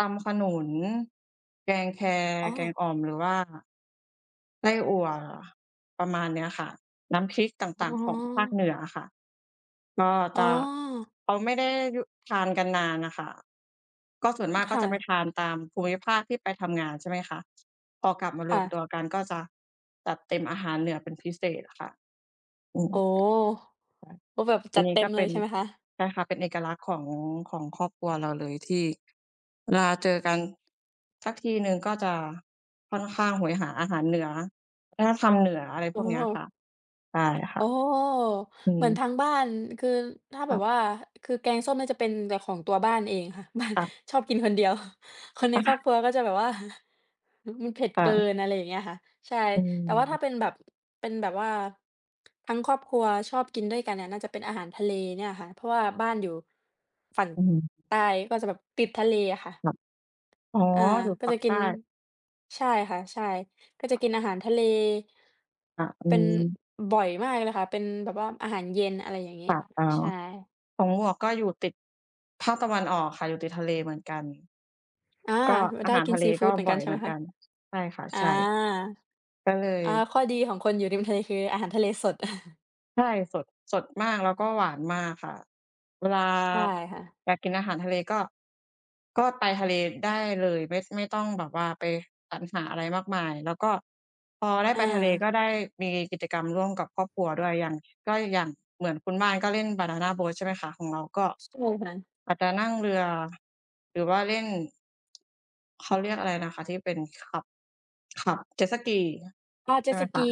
ตำขนุน แกงแค อ๋แกงอ อ่อม หรือว่า ไส้อั่ว ประมาณเนี้ยค่ะ น้ำพริกตอ๋่าอ ง ๆ ของภาคเหนืออะค่ะ ก็อ๋จอ ะ เขาไม่ได้ ย ทานกันนานน่ะค่ะ ก็ส่วนมากคก็่จะ ะไปทานตามภูมิภาคที่ไปทำงานใช่ไหมคะ พอกลับมาคร่วมตัะ วกันก็จะจัดเต็มอาหารเหนือเป็นพิเศษค่ะ อืม โอ้ ค่ก็แบะ บอจัันดนีเ้ต็ก็มเเปล็ยน ใช่ไหมคะ? ใช่ค่ะ เป็นเอกลักษณ์ของ ของครอบครัวเราเลย ที่ เวลาเจอกัน สักทีหนึ่งก็จะค่อนข้างโหยหาอาหารเหนือ วัฒนธรรมเหนือ อะไรอพ๋อ วกเนี้ยค่ะ ใช่คโ่อะ ้ อืเหมือนม ทางบ้าน คือถ้าคแบ่ะ บว่า คือแกงส้มน่าจะเป็นแต่ของตัวบ้านเองค่ะ บ้าน ค่ะ ชอบกินคนเดียว คนในครอบครัวก็จะแบบว่า อ มันเผ็ดค่เกิะ น อะไรอย่างเงี้ยค่ะ ใช่ อืแต่ว่าถ้อ าเป็นแบบ เป็นแบบว่า ทั้งครอบครัวชอบกินด้วยกันเนี่ยน่าจะเป็นอาหารทะเลเนี่ยค่ะ เพราะว่าบ้านอยู่ฝั่งอือ ใต้ก็จะแบบติดทะเลอะค่ะ อ๋อ อา อยู่ก็ปัจกะกใิตน ้ ใช่ค่ะ ใช่ ก็จะกินอาหารทะเล ค่ะ อืเป็น ม บ่อยมากเลยค่ะ เป็นแบบว่าอาหารเย็น อะไรอย่างงี้ ค่ะ อ๋อ ใช่ ของหมวกก็อยู่ติดภาคตะวันออกค่ะ อยู่ติดทะเลเหมือนกัน อา ก็ม อาไดห้ารกิทนะเซลีฟกู็ดเหมือนบกั่อนยใช่เหมไหืมอนคกะ? ัน ใช่ค่ะ อา ใช่ ก็เลย อา ข้อดีของคนอยู่ริมทะเลคืออาหารทะเลสด ใช่ สด สดมาก แล้วก็หวานมากค่ะ เวลาใช่ค่ะ อยากกินอาหารทะเลก็ ก็ไปทะเลได้เลย ไม่ ไม่ต้องแบบว่าไปสรรหาอะไรมากมาย แล้วก็พอได้อไปทะเลกา ็ได้มีกิจกรรมร่วมกับครอบครัวด้วย อย่าง ก็อย่างเหมือนคุณบ้านก็เล่นบานานาโบตฃใช่ไหมคะ ของเราก็ ใช่ค่ะ อาจจะนั่งเรือ หรือว่าเล่น เขาเรียกอะไรนะคะที่เป็นขับ ขับเจ็ตสกี อา เใจช็่ตไหมสคกี ะ?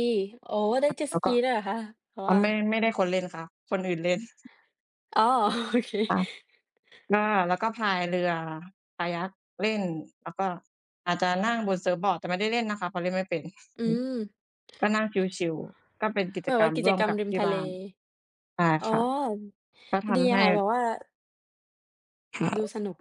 โฮ ได้เจ็ตแลส้วกก็ ีด้วยเหรอคะ? หอว๋อ ่า ไม่ ไม่ได้คนเล่นค่ะ คนอื่นเล่น อ๋อ โอเค ค่ะ ก็ แล้วก็พายเรือคายัคเล่น แล้วก็อาจจะนั่งบนเซิร์ฟบอร์ด แต่ไม่ได้เล่นนะคะ เพราะเล่นไม่เป็น อืม ก็นั่งชิล ๆ ก็เป็นกิแจบบกรว่ารมกิรจ่วมกรรกมับริมที่ทะบเล ้าน ได้อ๋อ ค่ะ ก็ทดีำใหค้ ่ะ แบบว่า ดูสนุก